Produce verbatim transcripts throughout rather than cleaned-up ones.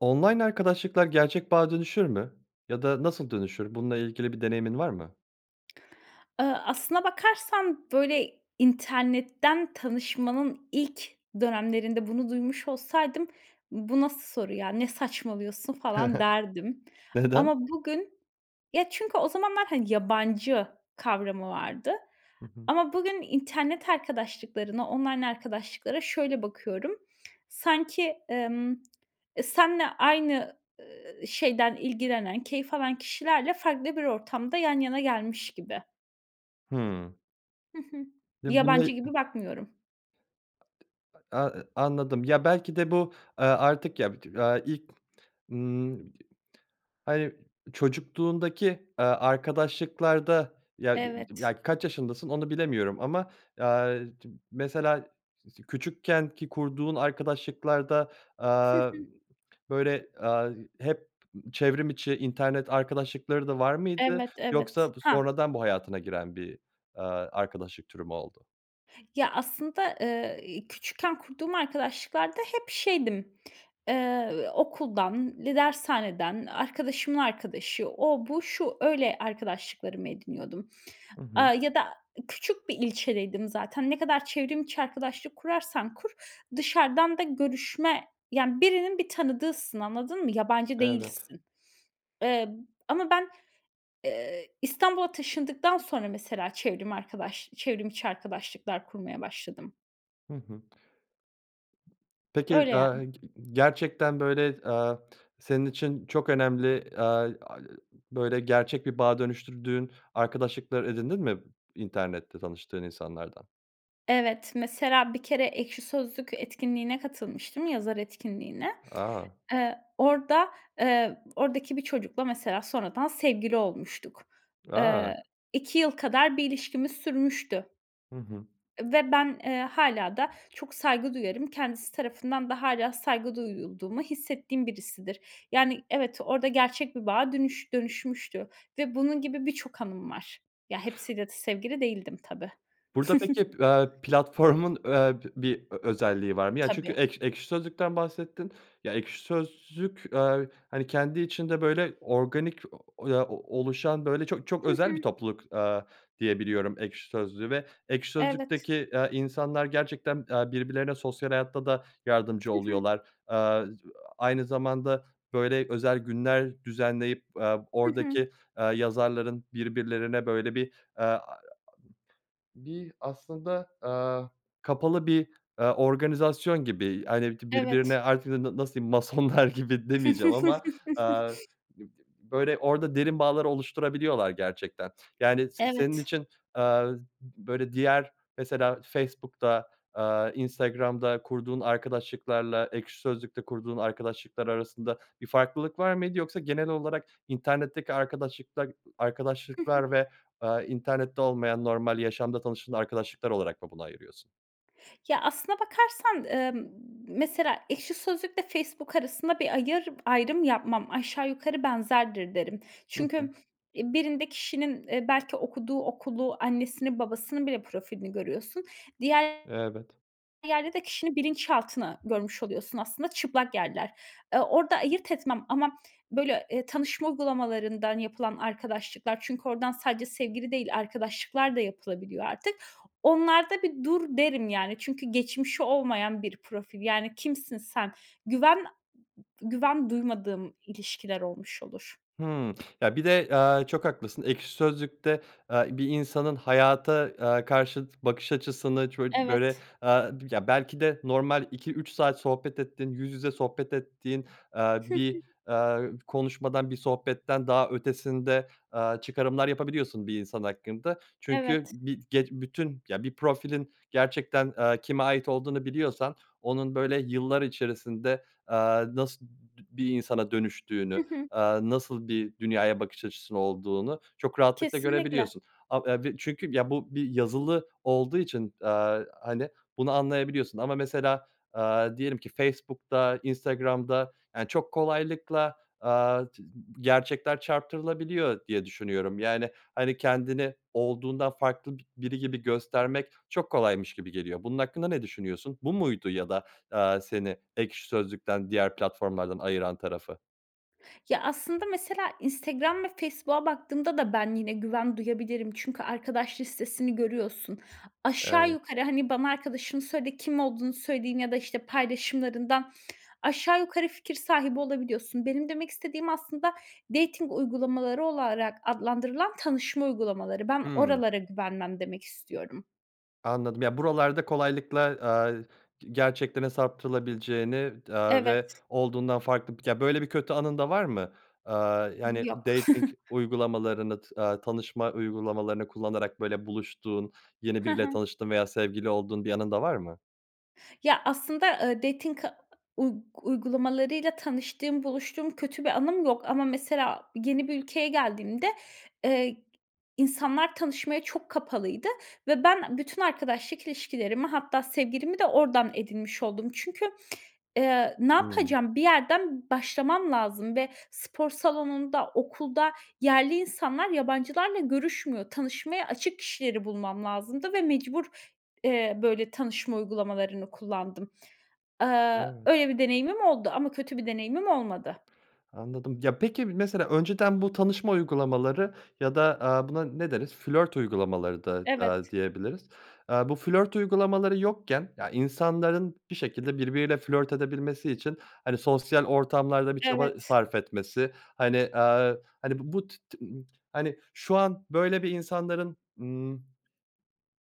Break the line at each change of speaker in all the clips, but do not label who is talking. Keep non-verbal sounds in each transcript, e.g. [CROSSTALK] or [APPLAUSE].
Online arkadaşlıklar gerçek bağa dönüşür mü ya da nasıl dönüşür? Bununla ilgili bir deneyimin var mı?
[SMACKS LIPS] Iıı, aslına bakarsan, böyle, internetten tanışmanın ilk dönemlerinde bunu duymuş olsaydım "Bu nasıl soru ya? Ne saçmalıyorsun?" falan derdim.
[CHUCKLES] Neden?
Ama bugün ya, çünkü o zamanlar, hani, yabancı kavramı vardı.
Hı hı.
Ama bugün internet arkadaşlıklarına online arkadaşlıklara şöyle bakıyorum. [SMACKS LIPS] Sanki, ımm, [SMACKS LIPS] e, seninle aynı, ııı, şeyden ilgilenen, keyif alan kişilerle farklı bir ortamda yan yana gelmiş gibi.
Hımm.
Hı hı.
Ya buna
Yabancı
y
gibi bakmıyorum.
A ııı, anladım. Ya, belki de bu, ııı, artık ya bit ııı, a ilk ımm, [UNINTELLIGIBLE] hani, çocukluğundaki, ııı, arkadaşlıklarda ya, [UNINTELLIGIBLE]
Evet.
ya, kaç yaşındasın onu bilemiyorum ama, ııı, d mesela s s küçükkenki kurduğun arkadaşlıklarda, ııı, aaa,
[CHUCKLES]
böyle, ııı, hep çevrim içi internet arkadaşlıkları da var mıydı
Evet, evet.
yoksa bu
Ha
sonradan bu hayatına giren bir, ııı, arkadaşlık türü mü oldu?
Ya, aslında, ııı, küçükken kurduğum arkadaşlıklarda hep şeydim ııı, okuldan dershaneden arkadaşımın arkadaşı o, bu, şu, öyle, arkadaşlıklarımı ediniyordum,
Hı hı.
ııı, ya da küçük bir ilçedeydim zaten. Ne kadar çevrim içi arkadaşlık kurarsan kur dışarıdan da görüşme, yani, birinin bir tanıdığısın anladın mı? Yabancı
Evet.
değilsin. Eee, ama ben, eee, İstanbul'a taşındıktan sonra mesela çevrim arkadaş çevrim içi arkadaşlıklar kurmaya başladım.
Hı hı. Peki,
Öyle,
aaa,
yani.
gerçekten, böyle, aaa, senin için çok önemli, aaa, böyle, gerçek bir bağa dönüştürdüğün arkadaşlıklar edindin mi internette tanıştığın insanlardan?
Evet, mesela bir kere Ekşi Sözlük etkinliğine katılmıştım, yazar etkinliğine.
A!
Eee, orada, eee, oradaki bir çocukla mesela sonradan sevgili olmuştuk.
A!
Eee, iki yıl kadar bir ilişkimiz sürmüştü.
Hı hı.
Ve ben, eee, hâlâ da çok saygı duyarım. Kendisi tarafından da hâlâ saygı duyulduğumu hissettiğim birisidir. Yani, evet orada gerçek bir bağa dönüş dönüşmüştü ve bunun gibi birçok anım var. Ya, hepsiyle de sevgili değildim tabii.
Burada peki,
[CHUCKLES]
aaa, platformun, aaa, bir ö özelliği var mı? Ya, çünkü
Tabii.
Ekş Ekşi Sözlük'ten bahsettin. Ya, ekşi sözlük, aaa, hani, kendi içinde, böyle, organik, ya, o oluşan, böyle, çok çok
Hı
özel bir
hı.
topluluk, aaa, diye biliyorum Ekşi Sözlük'ü ve Ekşi
Evet.
Sözlük'teki, aaa, insanlar gerçekten, aaa, birbirlerine sosyal hayatta da yardımcı
Hı hı.
oluyorlar. Aaa, aynı zamanda, böyle, özel günler düzenleyip, aaa,
Hı hı.
oradaki, aaa, yazarların birbirlerine, böyle, bir aaa, bir aslında, aaa, kapalı bir, aaa, organizasyon gibi, hani, birbirine
Evet.
artık na nasıl diyeyim, Masonlar gibi demeyeceğim ama,
[CHUCKLES]
aaa, böyle, orada derin bağlar oluşturabiliyorlar gerçekten. Yani, s senin
Evet.
için, aaa, böyle, diğer mesela Facebook'ta, aaa, Instagram'da kurduğun arkadaşlıklarla Ekşi Sözlük'te kurduğun arkadaşlıklar arasında bir farklılık var mıydı? Yoksa genel olarak internetteki arkadaşıkla
Hı hı.
arkadaşlıklar ve, aaa, internette olmayan normal yaşamda tanıştığın arkadaşlıklar olarak mı bunu ayırıyorsun?
Ya, aslına bakarsan, emm, mesela Ekşi Sözlük ve Facebook arasında bir ayır ayrım yapmam, aşağı yukarı benzerdir derim.
Hı hı.
Çünkü, eee, birinde kişinin, eee, belki okuduğu okulu, annesinin, babasının bile profilini görüyorsun. Diğer
Evet.
yerde de kişinin bilinçaltını görmüş oluyorsun aslında çıplak yerler. Eee, orda ayırt etmem ama, böyle, eee, tanışma uygulamalarından yapılan arkadaşlıklar çünkü oradan sadece sevgili değil arkadaşlıklar da yapılabiliyor artık. Onlar da, "Bir dur!" derim, yani, çünkü geçmişi olmayan bir profil. Yani, kimsin sen? Güven güven duymadığım ilişkiler olmuş olur.
Hıı, ya, bir de, eee, çok haklısın. Ekşi Sözlük'te, eee, bir insanın hayata, eee, karşı tı bakış açısını çocu böyle,
Evet.
aaa, [UNINTELLIGIBLE] ya belki de normal iki üç saat sohbet ettin, yüz yüze sohbet ettiğin, eee,
Hı
bir,
hı.
eee, konuşmadan, bir sohbetten daha ötesinde, eee, çıkarımlar yapabiliyorsun bir insan hakkında. Çünkü
Evet.
bir ge bütün, ya, bir profilin gerçekten, eee, kime ait olduğunu biliyorsan onun, böyle, yıllar içerisinde, aaa, nasıl dü bir insana
Hı
dönüştüğünü,
hı.
aaa, nasıl bir dünyaya bakış açısı olduğunu çok rahatlıkla
Kesinlikle.
görebiliyorsun. Ab e b çünkü, ya, bu bir yazılı olduğu için, aaa, hani, bunu anlayabiliyorsun ama mesela, aaa, diyelim ki Facebook'ta, Instagram'da, ya, çok kolaylıkla, aaa, çı gerçekler çarptırabiliyor diye düşünüyorum. Yani, hani, kendini olduğundan farklı bi biri gibi göstermek çok kolaymış gibi geliyor. Bunun hakkında ne düşünüyorsun? Bu muydu ya da, eee, seni Ekşi Sözlük'ten, diğer platformlardan ayıran tarafı?
Ya, aslında mesela Instagram ve Facebook'a baktığımda da ben yine güven duyabilirim. Çünkü arkadaş listesini görüyorsun. Aşağı
Evet.
yukarı, hani, bana arkadaşını söyle kim olduğunu söyleyeyim ya da, işte, paylaşımlarından aşağı yukarı fikir sahibi olabiliyorsun. Benim demek istediğim aslında dating uygulamaları olarak adlandırılan tanışma uygulamaları. Ben
Hımm.
oralara güvenmem demek istiyorum.
Anladım. Yani, buralarda kolaylıkla, aaa, g gerçeklerin saptırılabileceğini, aaa,
Evet.
ve olduğundan farklı Ya, böyle bir kötü anın da var mı? Aaa, yani,
Yok.
dating
[CHUCKLES]
uygulamalarını t aaa, tanışma uygulamalarını kullanarak, böyle, buluştuğun, yeni
Hı
biriyle
hı.
tanıştığın veya sevgili olduğun bir anın da var mı?
Ya, aslında, eee, dating a uy uygulamalarıyla tanıştığım, buluştuğum kötü bir anım yok ama mesela yeni bir ülkeye geldiğimde, eee, insanlar tanışmaya çok kapalıydı ve ben bütün arkadaşlık ilişkilerimi hatta sevgilimi de oradan edinmiş oldum. Çünkü, eee, ne
Hımm.
yapacağım? Bir yerden başlamam lazım ve spor salonunda, okulda yerli insanlar yabancılarla görüşmüyor. Tanışmaya açık kişileri bulmam lazımdı ve mecbur, eee, böyle tanışma uygulamalarını kullandım. Aaa,
Evet.
öyle bir deneyimim oldu ama kötü bir deneyimim olmadı.
Anladım. Ya, peki, mesela önceden bu tanışma uygulamaları ya da, aaa, buna ne deriz? Flört uygulamaları da, aaa,
Evet.
diyebiliriz. Aaa, bu flört uygulamaları yokken ya, insanların bir şekilde birbiriyle flört edebilmesi için, hani, sosyal ortamlarda bir çaba
Evet.
sarf etmesi, hani, aaa, hani, bu tı tı hani, şu an, böyle, bir insanların, ımm,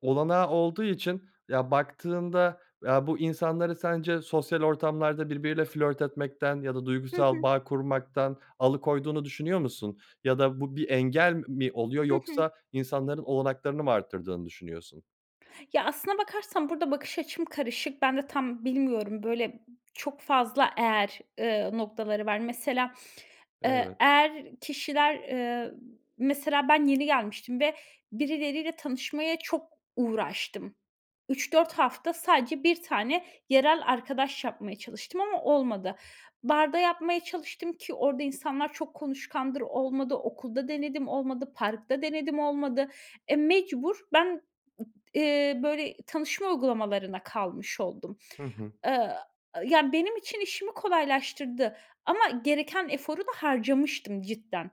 olanağı olduğu için, ya, baktığında, ya, bu insanları sence sosyal ortamlarda birbiriyle flört etmekten ya da
Hı
duygusal
hı.
bağ kurmaktan alıkoyduğunu düşünüyor musun? Ya da bu bir engel mi oluyor
Hı hı.
yoksa insanların olanaklarını mı artırdığını düşünüyorsun?
Ya, aslında bakarsan burada bakış açım karışık. Ben de tam bilmiyorum böyle çok fazla eğer, ııı, noktaları var. Mesela, ııı,
Evet.
eğer kişiler, ııı, mesela ben yeni gelmiştim ve birileriyle tanışmaya çok uğraştım. üç dört hafta sadece bir tane yerel arkadaş yapmaya çalıştım ama olmadı. Barda yapmaya çalıştım, ki orada insanlar çok konuşkandır olmadı, okulda denedim olmadı, parkta denedim olmadı. E, mecbur ben, ııı, böyle tanışma uygulamalarına kalmış oldum.
Hı hı.
Aaa, ya, benim için işimi kolaylaştırdı ama gereken eforu da harcamıştım cidden.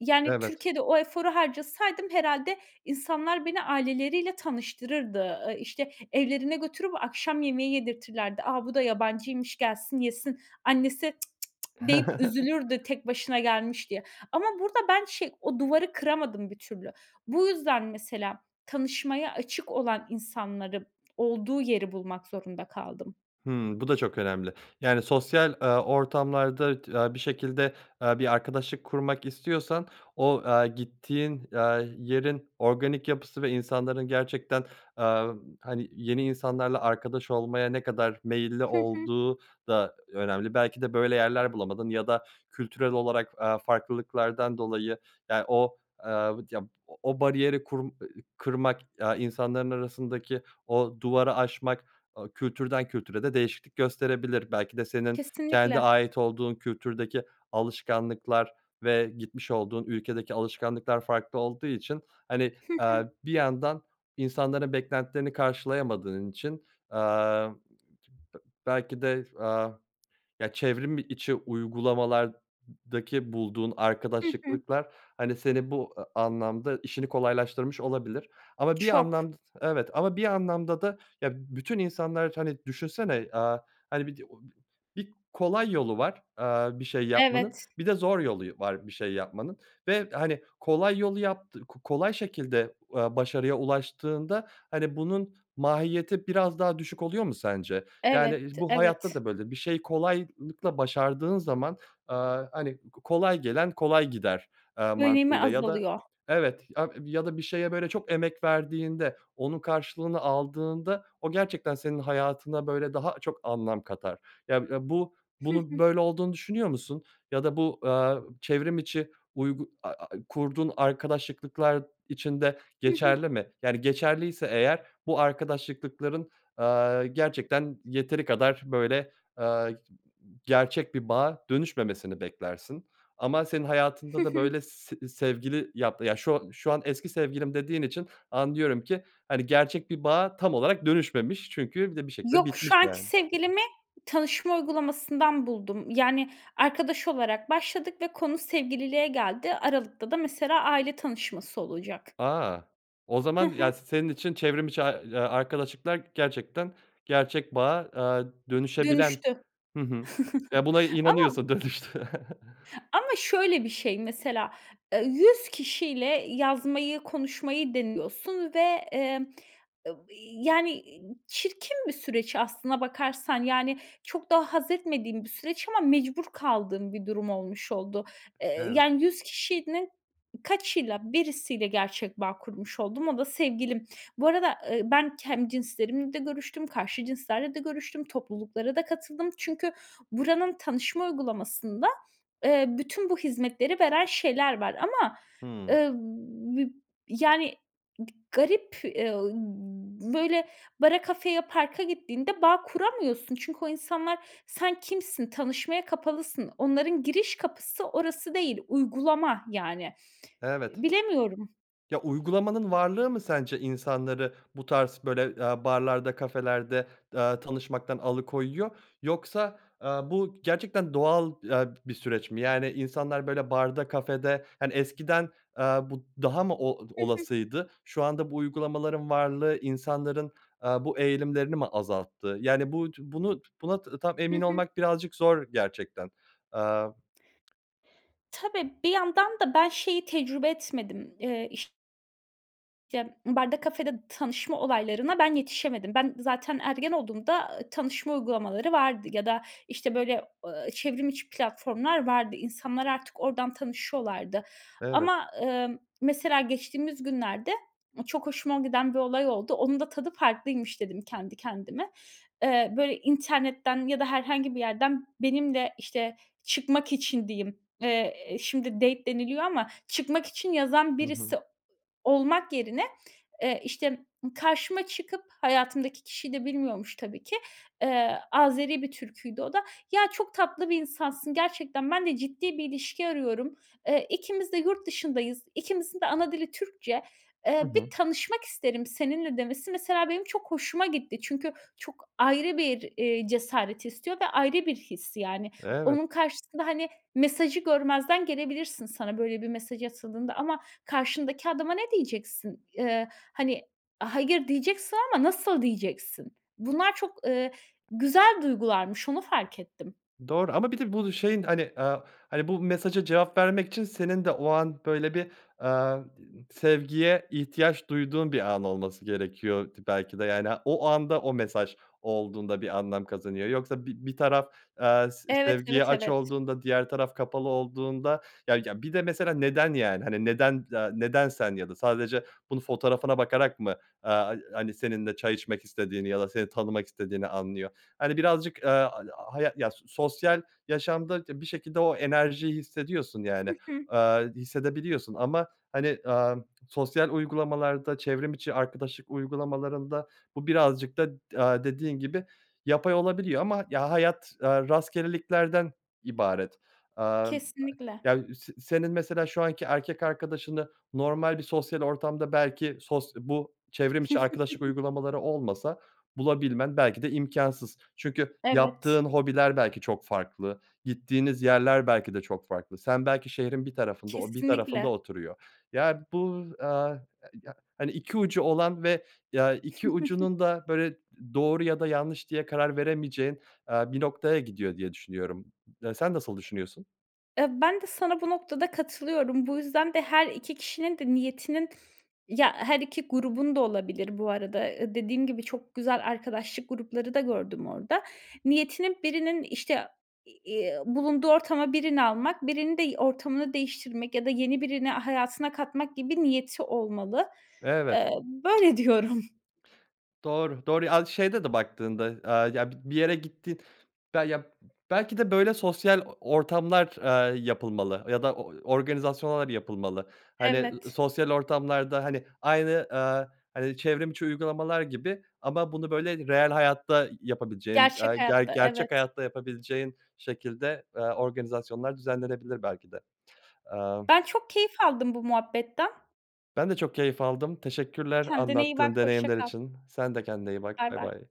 Yani,
Evet.
Türkiye'de o eforu harcasaydım herhâlde insanlar beni aileleriyle tanıştırırdı. Iıı, işte, evlerine götürüp akşam yemeği yedirtirlerdi. "A, bu da yabancıymış gelsin, yesin." Annesi, "Cık cık cık!" deyip
[GIGGLES]
üzülürdü, "Tek başına gelmiş." diye. Ama burada ben şey o duvarı kıramadım bir türlü. Bu yüzden mesela tanışmaya açık olan insanların olduğu yeri bulmak zorunda kaldım.
Hımm, bu da çok önemli, yani, sosyal, aaa, ortamlarda t aaa, bir şekilde, aaa, bir arkadaşlık kurmak istiyorsan o, aaa, gittiğin, aaa, yerin organik yapısı ve insanların gerçekten, aaa, hani, yeni insanlarla arkadaş olmaya ne kadar meyilli
Hı hı.
olduğu da önemli. Belki de böyle yerler bulamadın ya da kültürel olarak, aaa, farklılıklardan dolayı, ya, o, aaa, ya o o bariyeri kur ııı, kırmak, aaa, insanların arasındaki o duvarı aşmak, aaa, kültürden kültüre de değişiklik gösterebilir. Belki de senin kendi
Kesinlikle.
ait olduğun kültürdeki alışkanlıklar ve gitmiş olduğun ülkedeki alışkanlıklar farklı olduğu için, hani,
Hı
aaa,
hı.
bir yandan insanların beklentilerini karşılayamadığın için, aaa, belki de, aaa, ya, çevrim içi uygulamalardaki bulduğun
Hı hı.
arkadaşlıklıklar, hani, senin bu a anlamda işini kolaylaştırmış olabilir. Ama bir
Çok.
anlamd Evet. Ama bir anlamda da, ya, bütün insanlar, hani, düşünsene, aaa, hani, bir Bir kolay yolu var, aaa, bir şey yapmanın
Evet.
bir de zor yolu yo var bir şey yapmanın ve, hani, kolay yolu yaptı ko kolay şekilde, aaa, başarıya ulaştığında, hani, bunun mahiyeti biraz daha düşük oluyor mu sence? Yani,
Evet,
iii, bu hayatta
evet.
da böyle. Bir şeyi kolaylıkla başardığın zaman, aaa, hani, ko kolay gelen kolay gider, aaa,
Önemi
mantığıyla ya da
azalıyor.
Evet, ya ya da bir şeye, böyle, çok emek verdiğinde, onun karşılığını aldığında o gerçekten senin hayatına, böyle, daha çok anlam katar. Ya ya bu
Hı
bunun
hı.
böyle olduğunu düşünüyor musun? Ya da bu, aaa, çevrim içi uygu a a kurduğun arkadaşlıklıklar için de
Hı hı.
geçerli mi? Yani, geçerliyse eğer bu arkadaşlıklıklar aaa, gerçekten yeteri kadar, böyle, aaa, gerçek bir bağa dönüşmemesini beklersin. Ama senin
Hı
hayatında da,
hı.
böyle, s sevgili yap ya, şu şu an eski sevgilim dediğin için anlıyorum ki, hani, gerçek bir bağa tam olarak dönüşmemiş çünkü bir de bir şekilde
Yok,
bitmiş,
şu anki
yani.
sevgilimi tanışma uygulamasından buldum. Yani, arkadaş olarak başladık ve konu sevgililiğe geldi. Aralıkta da mesela aile tanışması olacak.
A! O
Hı
zaman, ya,
hı.
s senin için çevrim içi a ya, arkadaşlıklar gerçekten gerçek bağa, aaa, dönüşebilen
Dönüştü.
Hı hı. Ya buna
[CHUCKLES] Ama
inanıyorsun dönüştüğüne. [CHUCKLES]
Ama şöyle bir şey mesela, eee, yüz kişiyle yazmayı, konuşmayı deniyorsun ve, emm, yani, çirkin bir süreç aslına bakarsan. Yani, çok da hazzetmediğim bir süreç ama mecbur kaldığım bir durum olmuş oldu. Eee,
Evet.
yani, yüz kişinin kaçıyla, birisiyle gerçek bağ kurmuş oldum, o da sevgilim. Bu arada, ııı, ben kendi cinslerimle de görüştüm, karşı cinslerle de görüştüm, topluluklara da katıldım çünkü buranın tanışma uygulamasında, eee, bütün bu hizmetleri veren şeyler var ama,
Hımm.
ııı, bib yani, garip, eee, ııı, böyle, bara, kafeye, parka gittiğinde bağ kuramıyorsun. Çünkü o insanlar Sen kimsin? Tanışmaya kapalısın. Onların giriş kapısı orası değil, uygulama, yani.
Evet.
Bilemiyorum.
Ya, uygulamanın varlığı mı sence insanları bu tarz böyle, eee, barlarda, kafelerde, eee, tanışmaktan alıkoyuyor. Yoksa, eee, bu gerçekten doğal, eee, bir süreç mi? Yani, insanlar, böyle, barda, kafede, hani, eskiden, aaa, bu daha mı o
Hı hı.
olasıydı? Şu anda bu uygulamaların varlığı insanların, aaa, bu eğilimlerini mi azalttı? Yani, bu bunu buna tam
Hı
emin
hı.
olmak birazcık zor gerçekten. Eee
Tabii, bir yandan da ben şeyi tecrübe etmedim. Eee, iş Ya, barda, kafede tanışma olaylarına ben yetişemedim. Ben, zaten ergen olduğumda, eee, tanışma uygulamaları vardı. Ya da, işte, böyle, eee, çevrim içi platformlar vardı. İnsanlar artık ordan tanışıyorlardı.
Evet.
Ama, eee, mesela geçtiğimiz günlerde çok hoşuma giden bir olay oldu. "Onun da tadı farklıymış." dedim kendi kendime. Eee, böyle internetten ya da herhangi bir yerden benimle, işte, çıkmak için diyeyim, eee, şimdi date deniliyor ama çıkmak için yazan
Hı hı.
birisi olmak yerine, eee, işte, karşıma çıkıp, hayatımdaki kişiyi de bilmiyormuş tabii ki, eee, Azeri bir Türküydü o da. "Ya, çok tatlı bir insansın, gerçekten ben de ciddi bir ilişki arıyorum. Eee, ikimiz de yurt dışındayız. İkimizin de ana dili Türkçe. Eee,
Hı
bir
hı.
tanışmak isterim seninle." demesi mesela benim çok hoşuma gitti. Çünkü çok ayrı bir, eee, cesaret istiyor ve ayrı bir his, yani.
Evet.
Onun karşısında, hani, mesajı görmezden gelebilirsin sana böyle bir mesaj atıldığında ama karşındaki adama ne diyeceksin? Eee, hani, hayır diyeceksin ama nasıl diyeceksin? Bunlar çok, eee, güzel duygularmış, onu fark ettim.
Doğru. Ama bir de bu şeyin, hani, aaa, hani, bu mesaja cevap vermek için senin de o an böyle bir, eee, di sevgiye ihtiyaç duyduğun bir an olması gerekiyor t belki de. Yani, o anda o mesaj olduğunda bir anlam kazanıyor. Yoksa bi bir taraf, eee, se
Evet,
sevgiye
evet,
aç
evet.
olduğunda, diğer taraf kapalı olduğunda ya ya bir de mesela neden, yani, hani, neden, aaa, neden sen? Ya da sadece bunu fotoğrafına bakarak mı, eee, ha hani seninle çay içmek istediğini ya da seni tanımak istediğini anlıyor. Hani, birazcık, aaa, a ağa haya ya s sosyal yaşamda t bir şekilde o enerjiyi hissediyorsun, yani,
Hı hı.
aaa, hissedebiliyorsun ama, hani, aaa, sosyal uygulamalarda, çevrim içi arkadaşlık uygulamalarında bu birazcık da, aaa, dediğin gibi yapay olabiliyor. Ama, ya, hayat, aaa, rastgeleliklerden ibaret. Aaa, aaa,
Kesinlikle.
ya, se senin mesela şu anki erkek arkadaşını normal bir sosyal ortamda belki sos bu çevrim içi arkadaşlık
[GIGGLES]
uygulamaları olmasa bulabilmen belki de imkânsız. Çünkü
Evet.
yaptığın hobiler belki çok farklı, gittiğiniz yerler belki de çok farklı. Sen, belki şehrin bir tarafında, o bir tarafında
Kesinlikle.
oturuyor. Ya bu, aaa, a ya, hani, iki ucu olan ve, ya, iki
[GIGGLES]
ucunun da böyle doğru ya da yanlış diye karar veremeyeceğin, aaa, bir noktaya gidiyor diye düşünüyorum. Sen nasıl düşünüyorsun?
Eee, ben de sana bu noktada katılıyorum. Bu yüzden de her iki kişinin de niyetinin, ya her iki grubun da olabilir bu arada, eee, dediğim gibi çok güzel arkadaşlık grupları da gördüm orada, niyetinin birinin, işte, eee, bulunduğu ortama birini almak, birinin de ortamını değiştirmek ya da yeni birini hayatına katmak gibi niyeti olmalı.
Evet.
Eee, böyle diyorum.
Doğru, doğru. Aaa, şeyde de baktığında, aaa, ya bi bir yere gittin be ya belki de böyle sosyal o ortamlar, aaa, yapılmalı ya da o organizasyonlar yapılmalı. Hani, ı ı
Evet.
sosyal ortamlarda, hani, aynı, aaa, hani, çevrim içi uygulamalar gibi ama bunu böyle reel hayatta yapabileceğin, aaa,
Gerçek
ge
hayatta,
gerçek
evet.
hayatta yapabileceğin şekilde, aaa, organizasyonlar düzenlenebilir belki de. Eee
Ben, çok keyif aldım bu muhabbetten.
Ben de çok keyif aldım, teşekkürler
Kendine iyi bak,
anlattığın
hoşça
deneyimler
kal.
için. Sen de kendine iyi bak,
Bay
bay
bay.
bay.